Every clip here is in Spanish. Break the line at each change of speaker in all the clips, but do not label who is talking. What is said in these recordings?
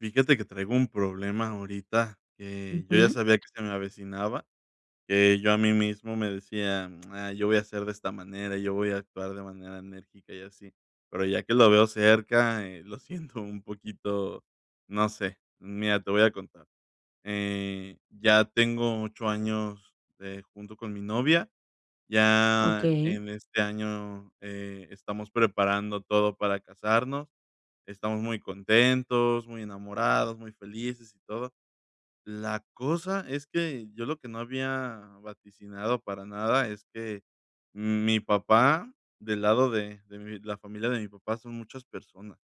Fíjate que traigo un problema ahorita, eh, yo ya
Ujú.
sabía que se me avecinaba, eh, yo a mí mismo me decía: "Ah, yo voy a hacer de esta manera, yo voy a actuar de manera enérgica y así". Pero ya que lo veo cerca, eh, lo siento un poquito, no sé. Mira, te voy a contar, eh, ya tengo 8 años, eh, junto con mi novia. Ya,
Okey.
en este año, eh, estamos preparando todo para casarnos. Estamos muy contentos, muy enamorados, muy felices y todo. La cosa es que, yo lo que no había vaticinado para nada, es que mm, mi papá, del lado de de mi la familia de mi papá son muchas personas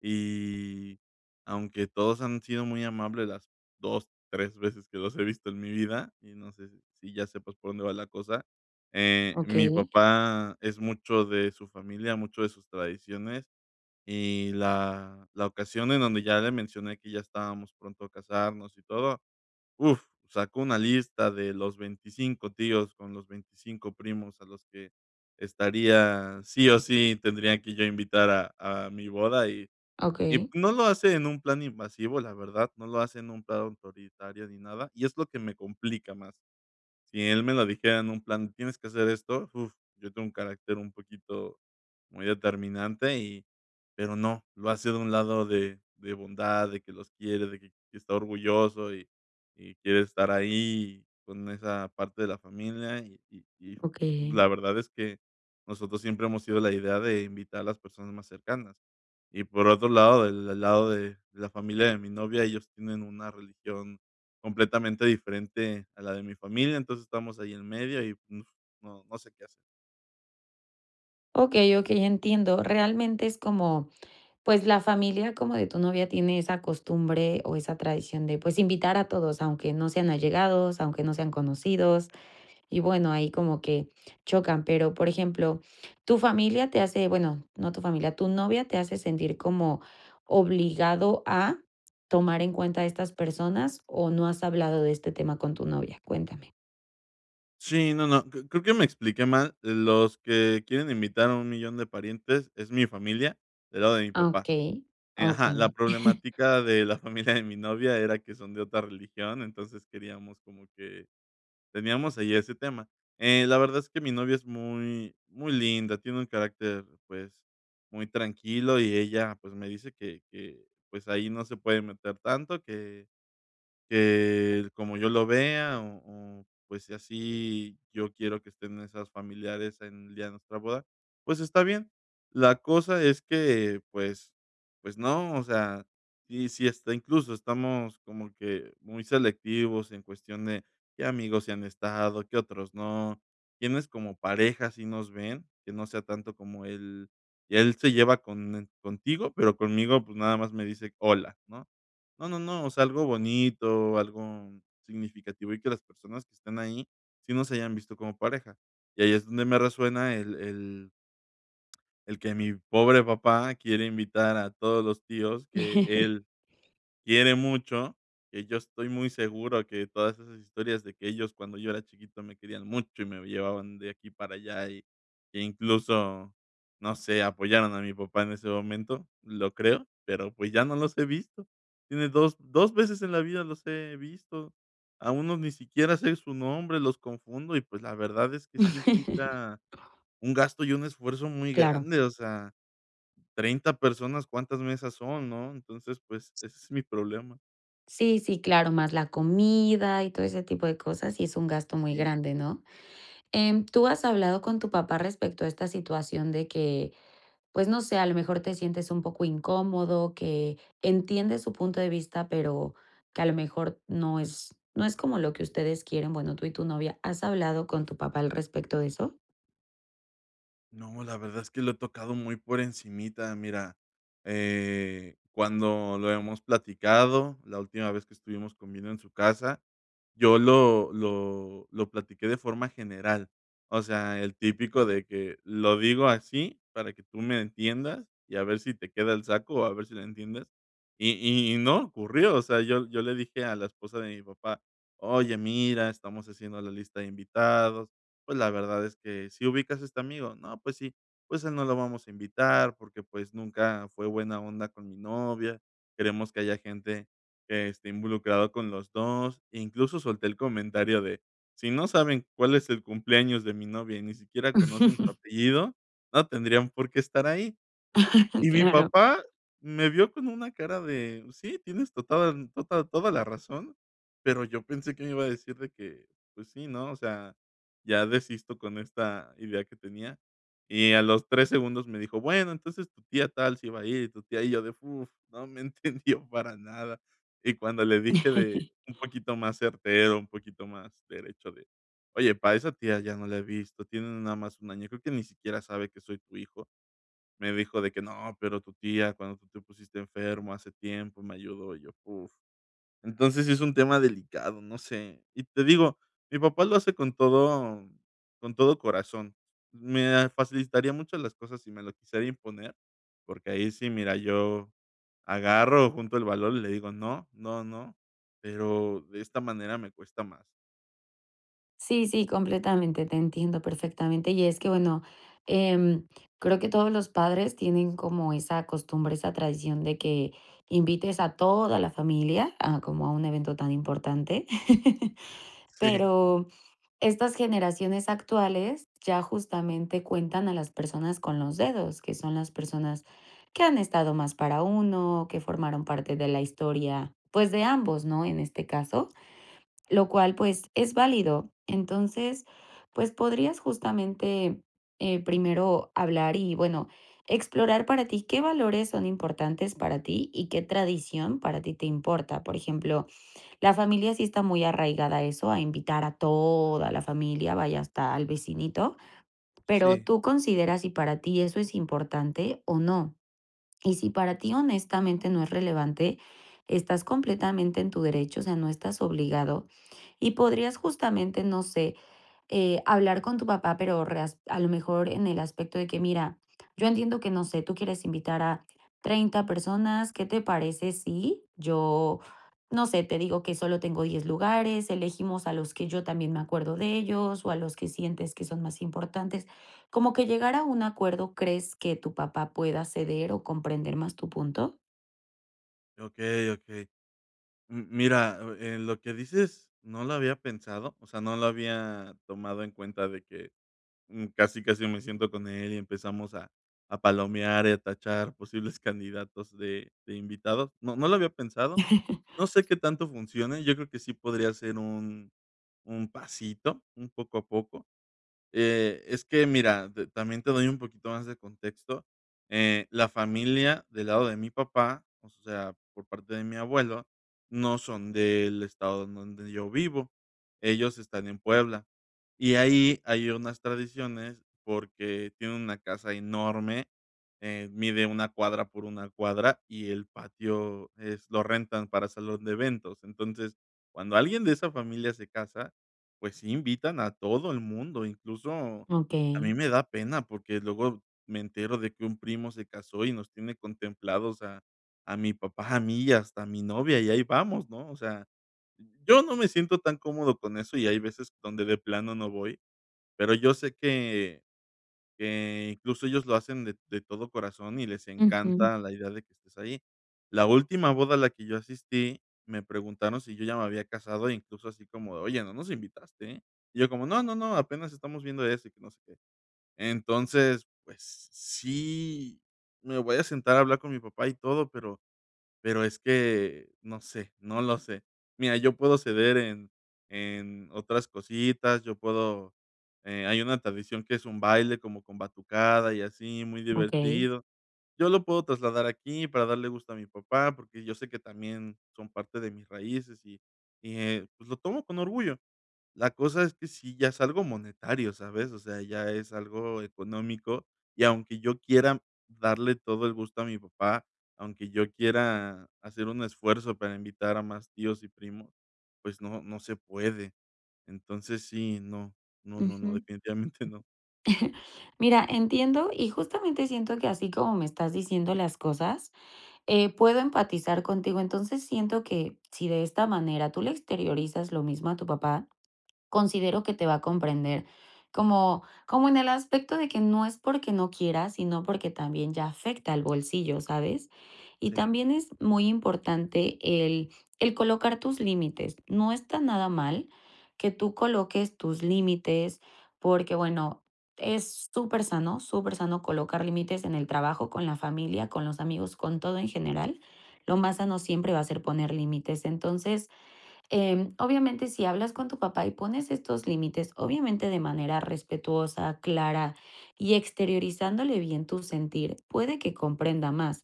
y, aunque todos han sido muy amables las 2, 3 veces que los he visto en mi vida, y no sé si si ya sepas por dónde va la cosa. Eh, mi
Okey.
papá es mucho de su familia, mucho de sus tradiciones y la la ocasión en donde ya le mencioné que ya estábamos pronto a casarnos y todo, uf, sacó una lista de los 25 tíos con los 25 primos a los que estaría sí o sí, tendría que yo invitar a a mi boda. Y y
Okey.
no lo hace en un plan invasivo, la verdad, no lo hace en un plan autoritario ni nada, y es lo que me complica más. Si él me lo dijera en un plan, tienes que hacer esto, uf, yo tengo un carácter un poquito muy determinante y pero no, lo hace de un lado de de bondad, de que los quiere, de que que está orgulloso y y quiere estar ahí con esa parte de la familia, y y y
Okey.
la verdad es que nosotros siempre hemos sido la idea de invitar a las personas más cercanas. Y por otro lado, el el lado de la familia de mi novia, ellos tienen una religión completamente diferente a la de mi familia. Entonces, estamos ahí en medio y no no sé qué hacer.
Okey, okey, entiendo. Realmente es como pues, la familia como de tu novia tiene esa costumbre o esa tradición de pues invitar a todos, aunque no sean allegados, aunque no sean conocidos y bueno, ahí como que chocan. Pero, por ejemplo, ¿tu familia te hace? Bueno, no tu familia. ¿Tu novia te hace sentir como obligado a tomar en cuenta estas personas, o no has hablado de este tema con tu novia? Cuéntame.
Sí, no, no. Cre creo que me expliqué mal. Los que quieren invitar a un millón de parientes es mi familia, del lado de mi
Ah,
papá.
okey,
Eh ajá, la
okey.
problemática de la familia de mi novia era que son de otra religión, entonces queríamos como que teníamos ahí ese tema. Eh, la verdad es que mi novia es muy, muy linda, tiene un carácter, pues, muy tranquilo y ella pues me dice que que, pues, ahí no se puede meter tanto que que como yo lo vea, o o pues sí así yo quiero que estén nuestros familiares en el día de nuestra boda, pues está bien. La cosa es que, pues pues, no, o sea, si si hasta incluso estamos como que muy selectivos en cuestión de qué amigos sí han estado, qué otros no, quiénes como pareja sí nos ven. Que no sea tanto como el él se lleva con e contigo, pero conmigo, pues, nada más me dice hola, ¿no? No, no, no, o sea, algo bonito, algo significativo y que las personas que están ahí sí nos hayan visto como pareja. Y ahí es donde me resuena el el el que mi pobre papá quiere invitar a todos los tíos que él quiere mucho, que yo estoy muy seguro que todas esas historias de que ellos cuando yo era chiquito, me querían mucho y me llevaban de aquí para allá y que incluso, no sé, apoyaron a mi papá en ese momento, lo creo, pero pues ya no los he visto. Tiene 2- 2 veces en la vida, los he visto. A uno ni siquiera sé su nombre, los confundo y pues la verdad es que sí implica un gasto y un esfuerzo muy
Claro.
grande, o sea, 30 personas, ¿cuántas mesas son, no? Entonces, pues, ese es mi problema.
Sí, sí, claro, más la comida y todo ese tipo de cosas, sí es un gasto muy
Sí.
grande, ¿no? Em, ¿tú has hablado con tu papá respecto a esta situación de que, pues, no sé, a lo mejor, te sientes un poco incómodo, que entiendes su punto de vista, pero que, a lo mejor, no es no es como lo que ustedes quieren? Bueno, tú y tu novia, ¿has hablado con tu papá al respecto de eso?
No, la verdad es que lo he tocado muy por encimita. Mira, eh, cuando lo hemos platicado, la última vez que estuvimos comiendo en su casa, yo lo lo lo platiqué de forma general, o sea, el típico de que, lo digo así para que tú me entiendas y a ver si te queda el saco o a ver si lo entiendes. Y y no ocurrió. O sea, yo yo le dije a la esposa de mi papá: "Oye, mira, estamos haciendo la lista de invitados. Pues, la verdad es que, ¿si ubicas a este amigo? 'No, pues, sí'. Pues, a él no lo vamos a invitar, porque, pues, nunca fue buena onda con mi novia, queremos que haya gente que esté involucrado con los 2". Incluso solté el comentario de, si no saben cuál es el cumpleaños de mi novia y ni siquiera conocen su apellido, no tendrían por qué estar ahí". Y mi
Claro.
papá me vio con una cara de sí, tienes tota da tota toda la razón. Pero yo pensé que me iba a decir de que, pues, sí, ¿no? O sea, ya desisto con esta idea que tenía. Y a los 3 segundos me dijo: "Bueno, entonces tu tía tal si va a ir y tu tía". Y yo de uf, ¿no? me entendió para nada. Y cuando le dije de un poquito más certero, un poquito más derecho de, "oye, pa esa tía ya no la he visto, tiene no nada más un año, creo que ni siquiera sabe que soy tu hijo", me dijo de que, no, pero tu tía, cuando tú te pusiste enfermo hace tiempo me ayudó". Y yo, uf. Entonces, sí es un tema delicado, no sé. Y te digo, mi papá lo hace con todo con todo corazón. Me, ah, facilitaría mucho las cosas si me lo quisiera imponer, porque ahí sí, mira, yo agarro, junto el valor y le digo: "No, no, no". Pero de esta manera me cuesta más.
Sí, sí, completamente, te entiendo perfectamente. Y es que bueno, em, creo que todos los padres tienen como esa costumbre, esa tradición de que invites a toda la familia a como a un evento tan importante.
Sí.
Pero estas generaciones actuales, ya, justamente, cuentan a las personas con los dedos, que son las personas que han estado más para uno, que formaron parte de la historia, pues, de ambos, ¿no?, en este caso, lo cual, pues, es válido. Entonces, pues, podrías, justamente, eh, primero hablar y bueno, explorar para ti qué valores son importantes para ti y qué tradición para ti te importa. Por ejemplo, la familia sí está muy arraigada a eso, a invitar a toda la familia, vaya, hasta al vecinito. Pero
Sí.
tú considera si para ti eso es importante o no. Y si para ti, honestamente, no es relevante, estás completamente en tu derecho, o sea, no estás obligado y podrías, justamente, no sé, eh, hablar con tu papá, pero reas a lo mejor, en el aspecto de que, mira, yo entiendo que, no sé, tú quieres invitar a 30 personas, qué te parece si yo, no sé, te digo que solo tengo 10 lugares. Elegimos a los que yo también me acuerdo de ellos, o a los que sientes que son más importantes. Como que llegar a un acuerdo. ¿Crees que tu papá pueda ceder o comprender más tu punto?
Okey, okey. Mm, mira, o eh, lo que dices, no lo había pensado. O sea, no lo había tomado en cuenta, de que mm, casi, casi me siento con él, y empezamos a a palomear, y a tachar, posibles candidatos de de invitado. No no lo había pensado. No sé, qué tanto funcione. Yo creo que sí podría ser un un pasito, un poco a poco. Eh, es que mira, de también te doy un poquito más de contexto. Eh, la familia del lado de mi papá, o sea, por parte de mi abuelo, no son del estado en donde yo vivo. Ellos están en Puebla. Y ahí hay unas tradiciones, porque tienen una casa enorme. Eh, mide una cuadra por una cuadra. Y el patio es lo rentan para salón de eventos. Entonces, cuando alguien, de esa familia se casa, pues, sí invitan a todo el mundo. Incluso, a mí
Okey.
me da pena, porque luego me entero, de que un primo se casó, y nos tiene contemplados, a a mi papá, a mí, y hasta a mi novia. Y ahí vamos, ¿no? O sea, yo no me siento tan cómodo con eso, y hay veces, donde de plano, no voy. Pero yo sé que que, incluso, ellos lo hacen de de todo corazón, y les
Ujú.
encanta la idea de que estés ahí. La última boda a la que yo asistí, me preguntaron, si yo ya me había casado, e incluso, así como de, oye, no nos invitaste, ¿eh?. Y yo, como, no, no, no. Apenas estamos viendo eso, y que no sé qué. Entonces, pues, sí, me voy a sentar a hablar con mi papá, y todo, pero pero es que no sé. No lo sé. Mira, yo puedo ceder en en otras cositas. Yo puedo, eh Hay una tradición, que es un baile, como con batucada y así, muy
Okey.
divertido. Yo lo puedo trasladar aquí, para darle gusto a mi papá, porque yo sé que también, son parte de mis raíces, y y, eh, pues lo tomo con orgullo. La cosa es que, sí ya es algo monetario, ¿sabes? O sea, ya es algo económico. Y aunque yo quiera darle todo el gusto a mi papá, aunque yo quiera, hacer un esfuerzo, para invitar a más tíos y primos, pues no, no se puede. Entonces sí, no. No,
Ujú.
no, no. Definitivamente, no.
Mira, entiendo. Y, justamente siento que así como me estás diciendo las cosas, eh, puedo empatizar contigo. Entonces, siento que, si de esta manera, tú le exteriorizas lo mismo a tu papá, considero que te va a comprender, como como en el aspecto, de que no es porque no quieras, sino porque también, ya afecta al bolsillo, ¿sabes? Y
Sí.
también es muy importante, el el colocar tus límites. No está nada mal, que tú coloques tus límites. Porque bueno, es supersano, supersano, colocar límites en el trabajo, con la familia, con los amigos, con todo en general. Lo más sano, siempre va a ser poner límites. Entonces, em, obviamente, si hablas con tu papá, y pones estos límites, obviamente, de manera respetuosa, clara, y exteriorizándole bien tu sentir, puede que comprenda más.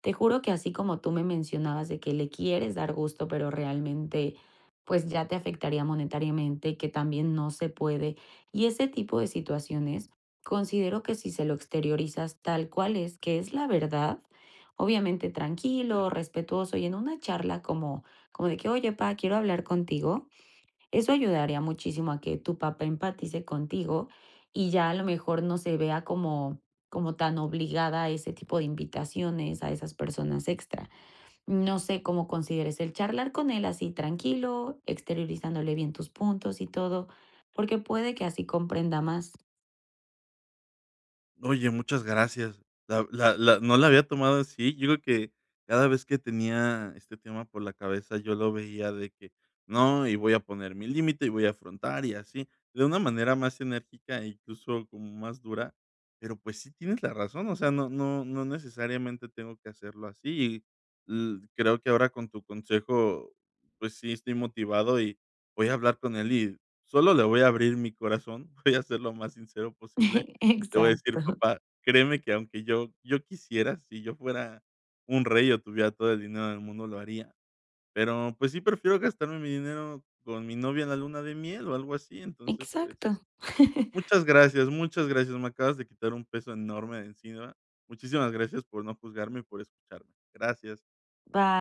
Te juro que, así como tú me mencionabas, de que le quieres dar gusto, pero realmente, pues, ya te afectaría monetariamente, que también no se puede, y ese tipo de situaciones. Considero, que si se lo exteriorizas, tal cual es, que es la verdad. Obviamente,
Sí.
tranquilo, respetuoso y en una charla, como como de que, oye, pá, quiero hablar contigo. Eso ayudaría muchísimo, a que tu papá empatice contigo, y ya, a lo mejor, no se vea como como tan obligada a ese tipo de invitaciones, a esas personas extra. No sé cómo consideres, el charlar con él, así tranquilo, exteriorizándole bien, tus puntos y todo, porque puede que así comprenda más.
Oye, muchas gracias. La v la la No la había tomado así. Yo creo que, cada vez que tenía, este tema por la cabeza, yo lo veía de que, no, y voy a poner mi límite, y voy a afrontar, y así. De una manera más enérgica, incluso, como más dura. Pero pues, sí tienes la razón. O sea, no no no necesariamente, tengo que hacerlo así. Y l creo, que ahora con tu consejo, pues sí, estoy motivado, y voy a hablar con él, y sólo le voy a abrir mi corazón. Voy a ser, lo más sincero posible. Le voy a decir:
Exacto.
"Papá, créeme que aunque yo yo quisiera. Si yo fuera un rey, o tuviera todo el dinero en el mundo, lo haría. Pero, pues sí prefiero gastarme mi dinero, con mi novia, en la luna de miel, o algo así". Entonces, pues
Exacto.
Muchas gracias, muchas gracias. Me acabas de quitar, un peso enorme de encima. Muchísimas gracias, por no juzgarme y por escucharme. Gracias.
Va.